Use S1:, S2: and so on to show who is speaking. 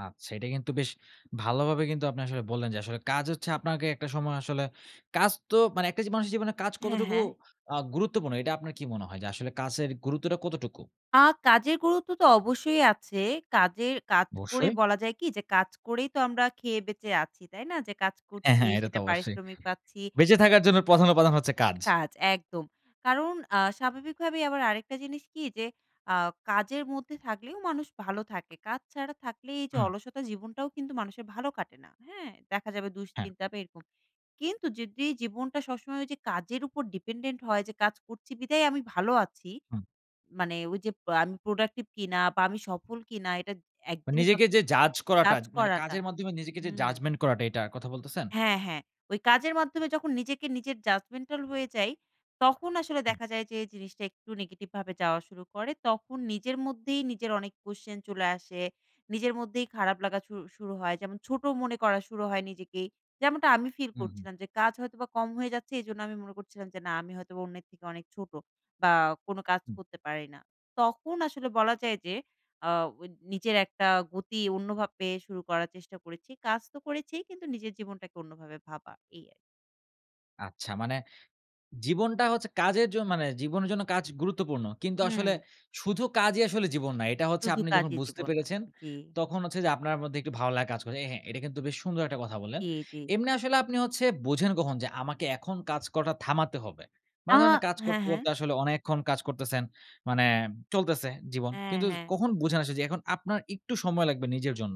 S1: আচ্ছা এটা কিন্তু বেশ ভালোভাবে কিন্তু আপনি আসলে বললেন, যে আসলে কাজ হচ্ছে আপনাকে একটা সময় আসলে কাজ তো মানে একটা জি মানুষের জীবনে কাজ
S2: হ্যাঁ,
S1: কতটুকু
S2: হ্যাঁ।
S1: আ গুরুত্বপূর্ণ, এটা আপনার কি মনে হয়? যে আসলে কাচের গুরুত্বটা কতটুকু?
S2: আ কাজের গুরুত্ব তো অবশ্যই আছে। কাজের কাজ করে
S1: অবশ্যই।
S2: বলা যায় কি? যে কাজ করেই তো আমরা খেয়ে বেঁচে আছি, তাই না? যে কাজ
S1: অ্যা
S2: করছি,
S1: হ্যাঁ, এটা তো
S2: সেটা
S1: অবশ্যই।
S2: পারিশ্রমিক পাচ্ছি।
S1: বেঁচে থাকার জন্য প্রধান উপাদান হচ্ছে কাজ।
S2: কাজ একদম! কারণ আ স্বাভাবিক ভাবেই আবার আরেকটা জিনিস কি, যে আ কাজের মধ্যে থাকলেও মানুষ ভালো থাকে। কাজ ছাড়া থাকলেই যে
S1: হুম।
S2: অলসতা জীবনটাও কিন্তু মানুষের ভালো কাটে না, হ্যাঁ? দেখা যাবে
S1: হ্যাঁ।
S2: দুশ্চিন্তা বা এরকম, কিন্তু যদি জীবনটা সবসময় ওইযে কাজের উপর dependent হয় যে কাজ করছি বিধায় আমি ভালো আছি।
S1: হুম।
S2: মানে ওই যে পা আমি productive কিনা? বা আমি সফল কিনা? এটা
S1: আ
S2: একদিনে যত
S1: নিজেকে যে judge করাটা
S2: কাজ
S1: মানে
S2: করাটা
S1: কাজের মাধ্যমে নিজেকে যে
S2: হুম।
S1: judgement করাটা এটা কথা বলতেছেন?
S2: হ্যাঁ, হ্যাঁ। ওই কাজের মাধ্যমে যখন নিজেকে নিজের judgmental হয়ে যাই তখন আসলে
S1: হুম।
S2: দেখা যায় যে জিনিসটা একটু negative ভাবে যাওয়া শুরু করে, তখন নিজের মধ্যেই নিজের অনেক question চলে আসে। নিজের মধ্যেই খারাপ লাগা শু শুরু হয়। যেমন ছোট মনে করা শুরু হয় নিজেকে। যেমনটা আমি feel
S1: হুম, হুম।
S2: করছিলাম যে কাজ হয়তো বা কম হয়ে যাচ্ছে এজন্য আমি মনে করছিলাম যে, "না আমি হয়তো অন্যের থেকে অনেক ছোট বা কোন কাজ
S1: হুম।
S2: করতে পারি না!" তখন আসলে বলা যায় যে আ ওই নিজের একটা গতি অন্যভাবে শুরু করার চেষ্টা করেছি। কাজ তো করেছি কিন্তু নিজের জীবনটাকে অন্যভাবে ভাবা। এই আর
S1: আচ্ছা মানে জীবনটা হচ্ছে কাজের জন মানে জীবনের জন্য কাজ গুরুত্বপূর্ণ। কিন্তু আসলে
S2: হুম।
S1: শুধু কাজই আসলে জীবন নয়। এটা হচ্ছে
S2: শুধু
S1: আপনি যখন
S2: কাজই
S1: বুঝতে
S2: জীবন না।
S1: পেরেছেন,
S2: জি।
S1: তখন হচ্ছে যে আপনার মধ্যে একটু ভালো লা কাজ করে এহে এটা কিন্তু বেশ সুন্দর একটা কথা বললেন!
S2: জি, জি।
S1: এমনি আসলে আপনি হচ্ছে বোঝেন কখন যে, "আমাকে এখন কাজ করাটা থামাতে হবে?"
S2: আ
S1: মানে ধরেন না কাজ
S2: হ্যাঁ,
S1: করতে,
S2: হ্যাঁ।
S1: করতে আসলে অনেকক্ষণ কাজ করতেছেন, মানে চলতেছে, জীবন।
S2: হ্যাঁ,
S1: কিন্তু
S2: হ্যাঁ।
S1: কখন বুঝেন আস যে আপনার একটু সময় লাগবে নিজের জন্য?